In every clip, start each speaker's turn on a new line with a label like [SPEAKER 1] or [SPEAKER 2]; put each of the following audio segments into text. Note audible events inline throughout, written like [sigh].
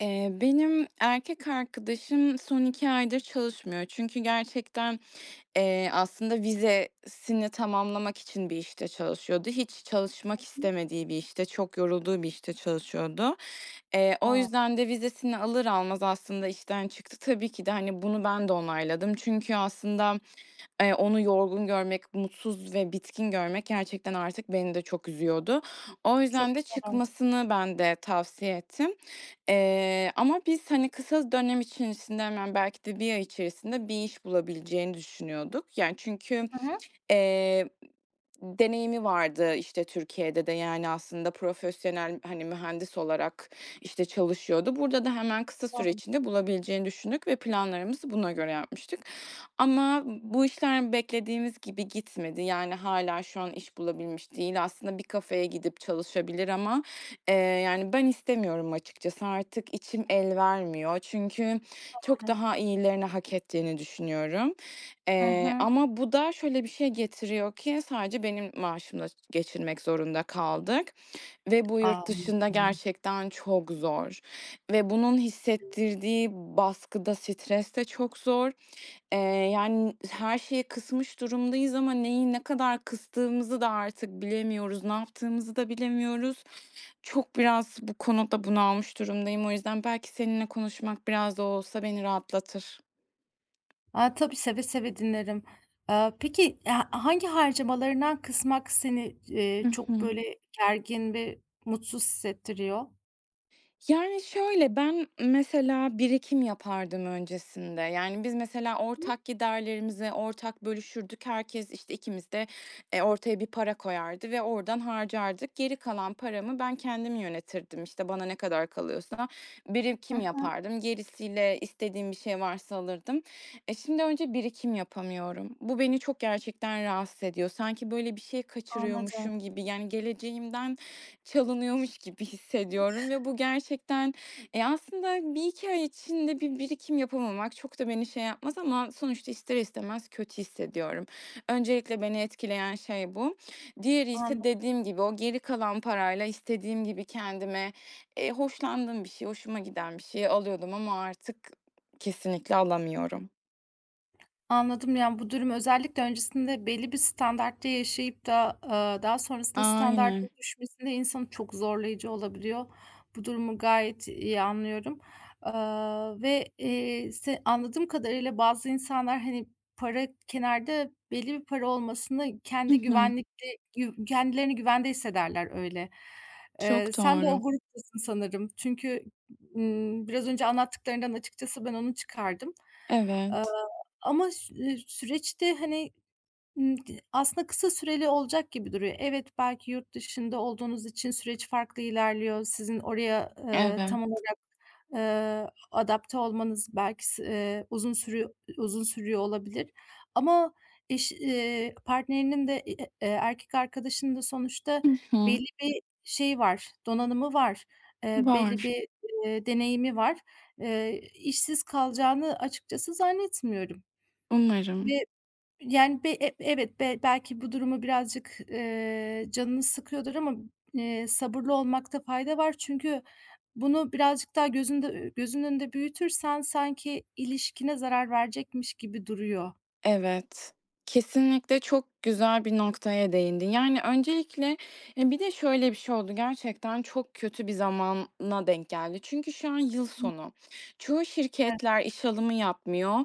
[SPEAKER 1] Eee, benim erkek arkadaşım son 2 aydır çalışmıyor çünkü gerçekten, eee, aslında vizesini tamamlamak için bir işte çalışıyordu. Hiç çalışmak
[SPEAKER 2] [unintelligible]
[SPEAKER 1] istemediği bir işte, çok yorulduğu bir işte çalışıyordu. Eee, o
[SPEAKER 2] A!
[SPEAKER 1] yüzden de vizesini alır almaz aslında işten çıktı. Tabii ki de, hani, bunu ben de onayladım çünkü aslında, eee, onu yorgun görmek, mutsuz ve bitkin görmek gerçekten artık beni de çok üzüyordu. O
[SPEAKER 2] Çok
[SPEAKER 1] yüzden de
[SPEAKER 2] doğal.
[SPEAKER 1] çıkmasını ben de tavsiye ettim. Eee, ama biz, hani, kısa dönem içerisinde hemen belki de 1 ay içerisinde bir iş bulabileceğini düşünüyorduk. Yani, çünkü,
[SPEAKER 2] Hı hı.
[SPEAKER 1] eee, deneyimi vardı, işte, Türkiye'de de, yani, aslında profesyonel, hani, mühendis olarak, işte, çalışıyordu. Burada da hemen kısa süre
[SPEAKER 2] [unintelligible]
[SPEAKER 1] içinde bulabileceğini düşündük ve planlarımızı buna göre yapmıştık. Ama bu işler beklediğimiz gibi gitmedi, yani, hâlâ şu an iş bulabilmiş değil. Aslında bir kafeye gidip çalışabilir ama, eee, yani, ben istemiyorum açıkçası. Artık içim el vermiyor çünkü çok
[SPEAKER 2] Doğru.
[SPEAKER 1] daha iyilerini hak ettiğini düşünüyorum.
[SPEAKER 2] Hı
[SPEAKER 1] Eee,
[SPEAKER 2] hı.
[SPEAKER 1] ama bu da şöyle bir şey getiriyor ki sadece benim maaşımla geçinmek zorunda kaldık ve bu yurt dışında
[SPEAKER 2] Anladım.
[SPEAKER 1] gerçekten çok zor ve bunun hissettirdiği baskı da stres de çok zor. Eee, yani, her şeyi kısmış durumdayız ama neyi ne kadar kıstığımızı da artık bilemiyoruz, ne yaptığımızı da bilemiyoruz. Çok biraz bu konuda bunalmış durumdayım. O yüzden belki seninle konuşmak biraz da olsa beni rahatlatır.
[SPEAKER 2] A, tabii, seve seve dinlerim. Aaa, peki, e ha hangi harcamalarından kısmak seni c
[SPEAKER 1] Hı
[SPEAKER 2] eee, çok,
[SPEAKER 1] hı.
[SPEAKER 2] böyle, gergin ve mutsuz hissettiriyor?
[SPEAKER 1] Yani, şöyle, ben mesela birikim yapardım öncesinde. Yani, biz mesela
[SPEAKER 2] [unintelligible]
[SPEAKER 1] ortak giderlerimizi ortak bölüşürdük. Herkes işte, ikimiz de, eee, ortaya bir para koyardı ve oradan harcardık. Geri kalan paramı ben kendim yönetirdim, işte, bana ne kadar kalıyorsa
[SPEAKER 2] Hı
[SPEAKER 1] birikim
[SPEAKER 2] hı.
[SPEAKER 1] yapardım, gerisiyle istediğim bir şey varsa alırdım. E, şimdi önce birikim yapamıyorum. Bu beni çok gerçekten rahatsız ediyor. Sanki, böyle, bir şey
[SPEAKER 2] Anladım.
[SPEAKER 1] kaçırıyormuşum gibi, yani, geleceğimden çalınıyormuş gibi hissediyorum ve bu gerçekten Eee, aslında 1-2 ay içinde bir birikim yapamamak çok da beni şey yapmaz ama sonuçta ister istemez kötü hissediyorum. Öncelikle beni etkileyen şey bu. Diğeri ise
[SPEAKER 2] Anla
[SPEAKER 1] dediğim gibi, o geri kalan parayla istediğim gibi kendime, eee, hoşlandığım bir şey, hoşuma giden bir şey alıyordum. Ama artık kesinlikle alamıyorum.
[SPEAKER 2] Anladım, yani, bu durum özellikle öncesinde belli bir standartta yaşayıp da, aaa, daha sonrasında
[SPEAKER 1] Aynen.
[SPEAKER 2] standardın düşmesinde insanı çok zorlayıcı olabiliyor. Bu durumu gayet iyi anlıyorum. Aaa, ve, eee, se anladığım kadarıyla bazı insanlar, hani, para kenarda belli bir para olmasını
[SPEAKER 1] Hı
[SPEAKER 2] kendi
[SPEAKER 1] hı.
[SPEAKER 2] güvenlikli yuv kendilerini güvende hissederler öyle. Eee,
[SPEAKER 1] Çok
[SPEAKER 2] sen de
[SPEAKER 1] doğru.
[SPEAKER 2] o gruptasın sanırım çünkü, ımm, biraz önce anlattıklarından açıkçası ben onu çıkardım. Aaa,
[SPEAKER 1] Evet.
[SPEAKER 2] ama ş eee, süreçte, hani, ımm, aslında kısa süreli olacak gibi duruyor. Evet, belki yurt dışında olduğunuz için süreç farklı ilerliyor. Sizin oraya, eee, tam
[SPEAKER 1] Evet.
[SPEAKER 2] olarak, eee, adapte olmanız belki s eee, uzun sürüyor uzun sürüyor olabilir ama eşi eee, partnerinin de i e eee, erkek arkadaşının da sonuçta
[SPEAKER 1] Hı hı.
[SPEAKER 2] belli bir şeyi var donanımı var, eee, belli
[SPEAKER 1] Var.
[SPEAKER 2] bir, eee, deneyimi var. Eee, işsiz kalacağını açıkçası zannetmiyorum.
[SPEAKER 1] Umarım.
[SPEAKER 2] Ve, yani, b e evet, be belki bu durumu birazcık, eee, canını sıkıyordur ama, eee, sabırlı olmakta fayda var çünkü bunu birazcık daha gözünde ü gözünün önünde büyütürsen sanki ilişkine zarar verecekmiş gibi duruyor.
[SPEAKER 1] Evet. Kesinlikle çok güzel bir noktaya değindin. Yani, öncelikle Eee, bir de şöyle bir şey oldu. Gerçekten çok kötü bir zamana denk geldi çünkü şu an yıl
[SPEAKER 2] [unintelligible]
[SPEAKER 1] sonu. Çoğu
[SPEAKER 2] Evet.
[SPEAKER 1] şirketler iş alımı yapmıyor,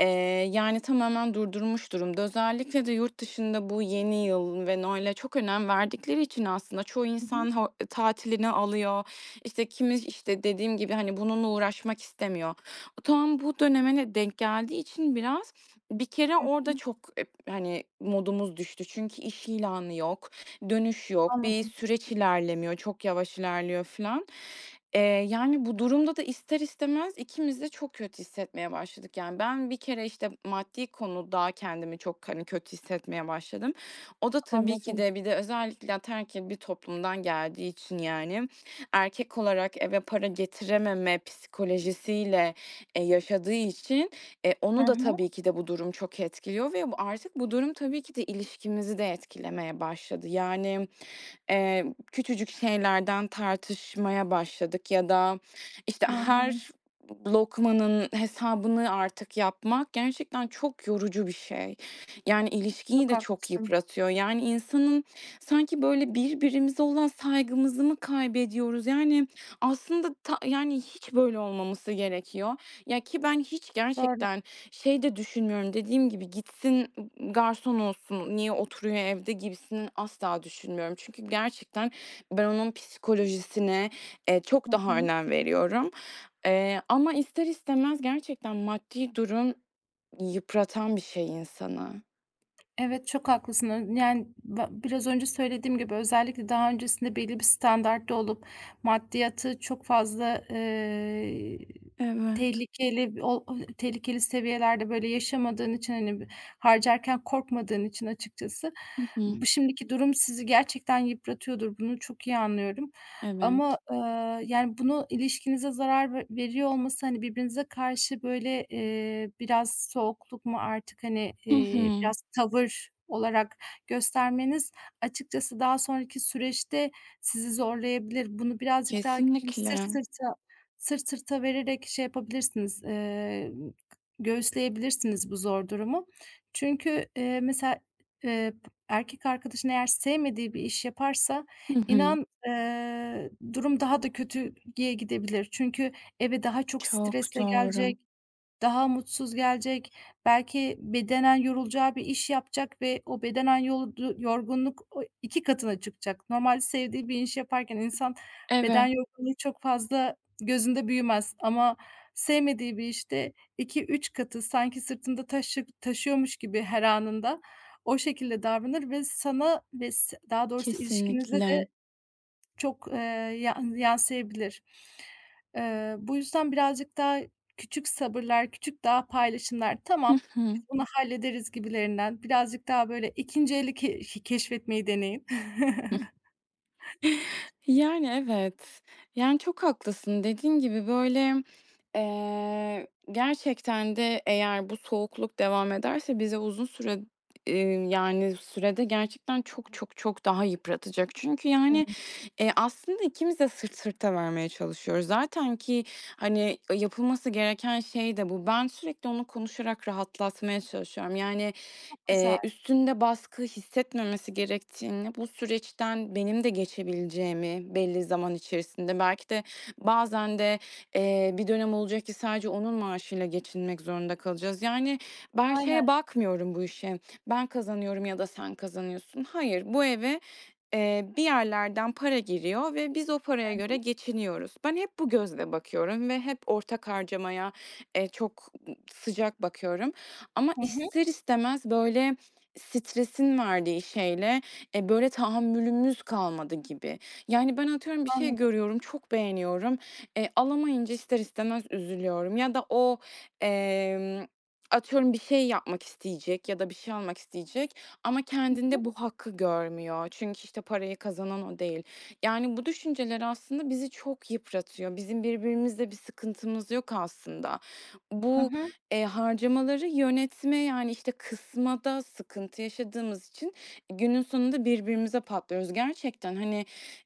[SPEAKER 1] eee, yani, tamamen durdurmuş durumda. Özellikle de yurt dışında bu yeni yıl ve Noel’e çok önem verdikleri için aslında çoğu
[SPEAKER 2] Hı hı.
[SPEAKER 1] insan ho tatilini alıyor, işte, kimi, işte, dediğim gibi, hani, bununla uğraşmak istemiyor. Bu tam bu döneme de denk geldiği için biraz, bir kere
[SPEAKER 2] Hı
[SPEAKER 1] orada
[SPEAKER 2] hı.
[SPEAKER 1] çok ep hani, modumuz düştü çünkü iş ilanı yok, dönüş yok, bir
[SPEAKER 2] Anladım.
[SPEAKER 1] süreç ilerlemiyor, çok yavaş ilerliyor, filan. Eee, yani bu durumda da ister istemez ikimiz de çok kötü hissetmeye başladık. Yani, ben bir kere, işte, maddi konuda kendimi çok, hani, kötü hissetmeye başladım. O da tabii ki
[SPEAKER 2] Anladım.
[SPEAKER 1] de bir de özellikle ataerkil bir toplumdan geldiği için, yani, erkek olarak eve para getirememe psikolojisiyle, eee, yaşadığı için, eee,
[SPEAKER 2] Hı
[SPEAKER 1] onu da
[SPEAKER 2] hı.
[SPEAKER 1] tabii ki de bu durum çok etkiliyor ve bu artık bu durum tabii ki de ilişkimizi de etkilemeye başladı. Yani, emm, küçücük şeylerden tartışmaya başladık ya da, işte,
[SPEAKER 2] Hı hı.
[SPEAKER 1] her lokmanın hesabını artık yapmak gerçekten çok yorucu bir şey. Yani, ilişkiyi
[SPEAKER 2] Çok
[SPEAKER 1] de çok
[SPEAKER 2] haklısın.
[SPEAKER 1] yıpratıyor. Yani, insanın sanki, böyle, birbirimize olan saygımızı mı kaybediyoruz? Yani, aslında ta yani, hiç böyle olmaması gerekiyor. Ya, ki ben hiç
[SPEAKER 2] Doğru.
[SPEAKER 1] gerçekten şey de düşünmüyorum, dediğim gibi, "Gitsin, ımm, garson olsun. Niye oturuyor evde?" gibisini asla düşünmüyorum. Çünkü gerçekten ben onun psikolojisine, eee, çok
[SPEAKER 2] Hı
[SPEAKER 1] daha
[SPEAKER 2] hı.
[SPEAKER 1] önem veriyorum. Eee, ama ister istemez gerçekten maddi durum yıpratan bir şey insanı.
[SPEAKER 2] Evet, çok haklısını yani, ba biraz önce söylediğim gibi, özellikle daha öncesinde belli bir standartta olup maddiyatı çok fazla eee,
[SPEAKER 1] Evet.
[SPEAKER 2] tehlikeli bir ol ay, tehlikeli seviyelerde, böyle, yaşamadığın için, hani, b harcarken korkmadığın için açıkçası,
[SPEAKER 1] Hı hı.
[SPEAKER 2] bu şimdiki durum sizi gerçekten yıpratıyordur. Bunu çok iyi anlıyorum
[SPEAKER 1] Evet.
[SPEAKER 2] ama, eee, yani, bunu ilişkinize zarar ve veriyor olması, hani, birbirinize karşı, böyle, eee, biraz soğukluk mu artık, hani,
[SPEAKER 1] Hı
[SPEAKER 2] eee,
[SPEAKER 1] hı.
[SPEAKER 2] biraz tavır olarak göstermeniz açıkçası daha sonraki süreçte sizi zorlayabilir. Bunu birazcık daha [unintelligible] sırt
[SPEAKER 1] Kesinlikle.
[SPEAKER 2] sırta sırt sırta vererek şey yapabilirsiniz, eee, göğüsleyebilirsiniz bu zor durumu çünkü, eee, mesela, eee, erkek arkadaşın eğer sevmediği bir iş yaparsa
[SPEAKER 1] Hı hı.
[SPEAKER 2] inan, eee, durum daha da kötüye gidebilir. Çünkü eve daha çok
[SPEAKER 1] Çok
[SPEAKER 2] stresle gelecek,
[SPEAKER 1] doğru.
[SPEAKER 2] daha mutsuz gelecek, belki bedenen yorulacağı bir iş yapacak ve o bedenen yoldu yorgunluk oy 2 katına çıkacak. Normal sevdiği bir iş yaparken insan beden
[SPEAKER 1] Evet.
[SPEAKER 2] yorgunluğu çok fazla gözünde büyümez ama sevmediği bir işte 2-3 katı sanki sırtında taşı taşıyormuş gibi her anında, o şekilde davranır ve sana ve s daha doğrusu ilişkinize de
[SPEAKER 1] Kesinlikle.
[SPEAKER 2] çok, eee, yan yansıyabilir. Eee, bu yüzden birazcık daha küçük sabırlar, küçük daha paylaşımlar,
[SPEAKER 1] Hı
[SPEAKER 2] "Tamam, biz
[SPEAKER 1] hı.
[SPEAKER 2] bunu hallederiz." gibilerinden birazcık daha böyle 2'nci eli ke iii, keşfetmeyi deneyin.
[SPEAKER 1] [chuckles]
[SPEAKER 2] [chuckles]
[SPEAKER 1] Yani, evet. Yani, çok haklısın dediğin gibi, böyle, eee, gerçekten de eğer bu soğukluk devam ederse, bizi uzun süre eee, yani, sürede gerçekten çok çok çok daha yıpratacak. Çünkü, yani,
[SPEAKER 2] [unintelligible]
[SPEAKER 1] eee, aslında ikimiz de sırt sırta vermeye çalışıyoruz. Zaten ki, hani, e, yapılması gereken şey de bu. Ben sürekli onu konuşarak rahatlatmaya çalışıyorum. Yani,
[SPEAKER 2] Çok
[SPEAKER 1] eee,
[SPEAKER 2] güzel.
[SPEAKER 1] üstünde baskı hissetmemesi gerektiğini, bu süreçten benim de geçebileceğimi belli zaman içerisinde belki de bazen de, eee, bir dönem olacak ki sadece onun maaşıyla geçinmek zorunda kalacağız. Yani, ben
[SPEAKER 2] Aynen.
[SPEAKER 1] şeye bakmıyorum bu işe, ben kazanıyorum ya da sen kazanıyorsun. Hayır, bu eve, eee, bir yerlerden para giriyor ve biz o paraya
[SPEAKER 2] Hı hı.
[SPEAKER 1] göre geçiniyoruz. Ben hep bu gözle bakıyorum ve hep ortak harcamaya, eee, çok sıcak bakıyorum. Ama
[SPEAKER 2] Hı hı.
[SPEAKER 1] ister istemez, böyle, stresin verdiği şeyle, e, böyle, tahammülümüz kalmadı gibi. Yani, ben atıyorum, bir şey
[SPEAKER 2] Anladım.
[SPEAKER 1] görüyorum, çok beğeniyorum. E, alamayınca ister istemez üzülüyorum ya da o, emm, atıyorum, bir şey yapmak isteyecek ya da bir şey almak isteyecek ama
[SPEAKER 2] Hı hı.
[SPEAKER 1] kendinde bu hakkı görmüyor çünkü, işte, parayı kazanan o değil. Yani, bu düşünceler aslında bizi çok yıpratıyor. Bizim birbirimizle bir sıkıntımız yok aslında.
[SPEAKER 2] Hı
[SPEAKER 1] Bu,
[SPEAKER 2] hı.
[SPEAKER 1] eee, harcamaları yönetme, yani, işte, kısmada sıkıntı yaşadığımız için günün sonunda birbirimize patlıyoruz. Gerçekten, hani,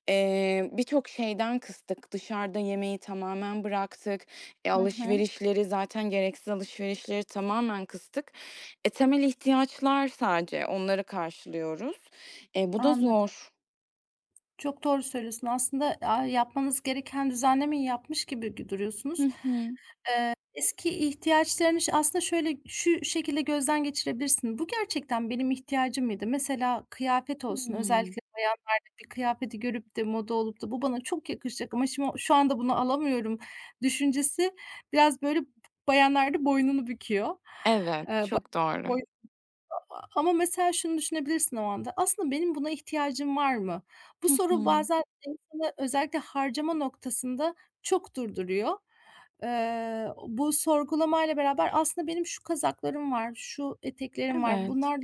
[SPEAKER 1] eee, birçok şeyden kıstık. Dışarıda yemeği tamamen bıraktık. E,
[SPEAKER 2] Hı hı.
[SPEAKER 1] alışverişleri zaten gereksiz alışverişleri tamamen kıstık. E, temel ihtiyaçlar sadece, onları karşılıyoruz. E, bu da
[SPEAKER 2] Anladım.
[SPEAKER 1] zor.
[SPEAKER 2] Çok doğru söylüyorsun, aslında. Aaa, yapmanız gereken düzenlemeyi yapmış gibi gö
[SPEAKER 1] Hı
[SPEAKER 2] duruyorsunuz. Eee,
[SPEAKER 1] hı.
[SPEAKER 2] eski ihtiyaçlarını ş aslında, şöyle şu şekilde gözden geçirebilirsin: "Bu gerçekten benim ihtiyacım mıydı?" Mesela, kıyafet olsun,
[SPEAKER 1] Hımm.
[SPEAKER 2] özellikle bayanlarda bir kıyafeti görüp de moda olup da, "Bu bana çok yakışacak ama şim o şu anda bunu alamıyorum." düşüncesi biraz, böyle, b bayanlarda boynunu büküyor.
[SPEAKER 1] Evet,
[SPEAKER 2] Eee,
[SPEAKER 1] çok doğru.
[SPEAKER 2] [unintelligible] ama, mesela, şunu düşünebilirsin o anda: "Aslında, benim buna ihtiyacım var mı?" Bu
[SPEAKER 1] Hı
[SPEAKER 2] soru
[SPEAKER 1] hı.
[SPEAKER 2] bazen insanı özellikle harcama noktasında çok durduruyor. Eee, bu sorgulamayla beraber, "Aslında, benim şu kazaklarım var, şu eteklerim var,
[SPEAKER 1] Evet.
[SPEAKER 2] bunlarla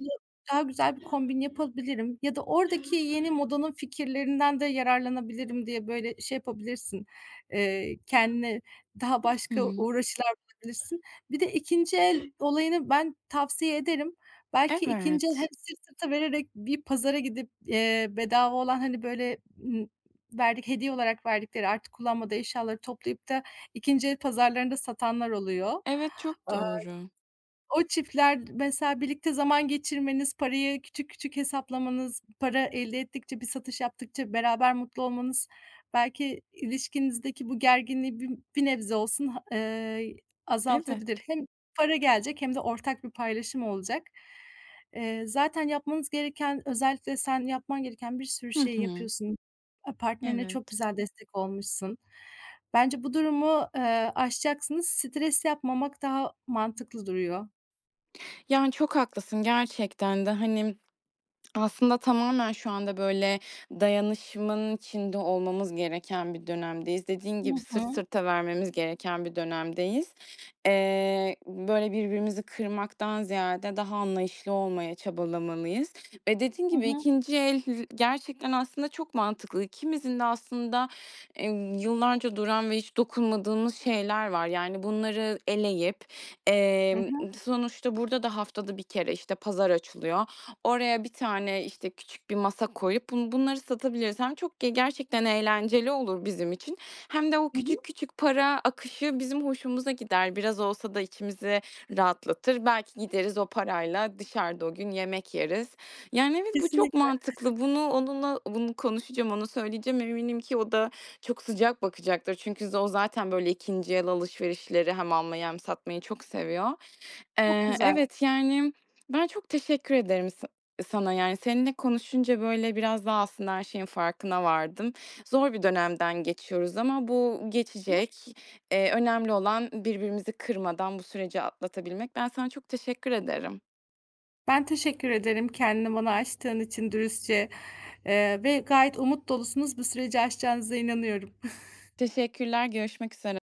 [SPEAKER 2] daha güzel bir kombin yapabilirim ya da oradaki yeni modanın fikirlerinden de yararlanabilirim." diye, böyle, şey yapabilirsin, eee, kendine daha
[SPEAKER 1] Hı
[SPEAKER 2] başka
[SPEAKER 1] hı.
[SPEAKER 2] uğraşılar bulabilirsin. Bir de 2'nci el olayını ben tavsiye ederim. Belki 2'nci el hem
[SPEAKER 1] Evet.
[SPEAKER 2] sırt sırta vererek bir pazara gidip, eee, bedava olan, hani, böyle, ımm, verdik hediye olarak verdikleri, artık kullanmadığı eşyaları toplayıp da 2'nci el pazarlarında satanlar oluyor.
[SPEAKER 1] Evet, çok
[SPEAKER 2] Aaa,
[SPEAKER 1] doğru.
[SPEAKER 2] o çiftler, mesela, birlikte zaman geçirmeniz, parayı küçük küçük hesaplamanız, para elde ettikçe, bir satış yaptıkça beraber mutlu olmanız belki ilişkinizdeki bu gerginliği bir bir nebze olsun ha eee, y azaltabilir.
[SPEAKER 1] Evet.
[SPEAKER 2] Hem para gelecek hem de ortak bir paylaşım olacak. Eee, zaten yapmanız gereken özellikle sen yapman gereken bir sürü
[SPEAKER 1] Hı
[SPEAKER 2] şeyi
[SPEAKER 1] hı.
[SPEAKER 2] yapıyorsun. Aaa, partnerine çok
[SPEAKER 1] Evet.
[SPEAKER 2] güzel destek olmuşsun. Bence bu durumu, eee, aşacaksınız, stres yapmamak daha mantıklı duruyor.
[SPEAKER 1] Yani, çok haklısın. Gerçekten de, hani [smacks lips] aslında tamamen şu anda, böyle, dayanışmanın içinde olmamız gereken bir dönemdeyiz. Dediğin
[SPEAKER 2] Hı
[SPEAKER 1] gibi "Sırt
[SPEAKER 2] hı.
[SPEAKER 1] sırta vermemiz gereken bir dönemdeyiz." Eee, böyle, birbirimizi kırmaktan ziyade daha anlayışlı olmaya çabalamalıyız eee, dediğin
[SPEAKER 2] Hı
[SPEAKER 1] gibi
[SPEAKER 2] hı.
[SPEAKER 1] 2'nci el l gerçekten aslında çok mantıklı. İkimizin de aslında, eee, yıllarca duran ve hiç dokunmadığımız şeyler var. Yani, bunları eleyip,
[SPEAKER 2] Hı
[SPEAKER 1] emm,
[SPEAKER 2] hı.
[SPEAKER 1] sonuçta burada da haftada 1 kere, işte, pazar açılıyor. Oraya bir tane, işte, küçük bir masa koyup bun bunları satabiliriz. Hem çok ge gerçekten eğlenceli olur bizim için hem de o
[SPEAKER 2] Hı
[SPEAKER 1] küçük
[SPEAKER 2] hı.
[SPEAKER 1] küçük para akışı bizim hoşumuza gider. Biraz olsa da içimize rahatlatır. Belki gideriz o parayla dışarıda o gün yemek yeriz. Yani, evet, bu çok
[SPEAKER 2] Kesinlikle.
[SPEAKER 1] mantıklı. Bunu onunla bunu konuşacağım, ona söyleyeceğim. Eminim ki o da çok sıcak bakacaktır. Çünkü z o zaten, böyle, 2'nci el alışverişleri hem almayı hem satmayı çok seviyor.
[SPEAKER 2] Çok
[SPEAKER 1] Eee,
[SPEAKER 2] güzel.
[SPEAKER 1] evet, yani, ben çok teşekkür ederim sa sana, yani. Seninle konuşunca, böyle, biraz daha aslında her şeyin farkına vardım. Zor bir dönemden geçiyoruz ama bu
[SPEAKER 2] [unintelligible]
[SPEAKER 1] geçecek. Eee, önemli olan birbirimizi kırmadan bu süreci atlatabilmek. Ben sana çok teşekkür ederim.
[SPEAKER 2] Ben teşekkür ederim, kendini bana açtığın için dürüstçe. Eee, ve gayet umut dolusunuz. Bu süreci aşacağınıza inanıyorum. [giggles]
[SPEAKER 1] Teşekkürler. Görüşmek üzere.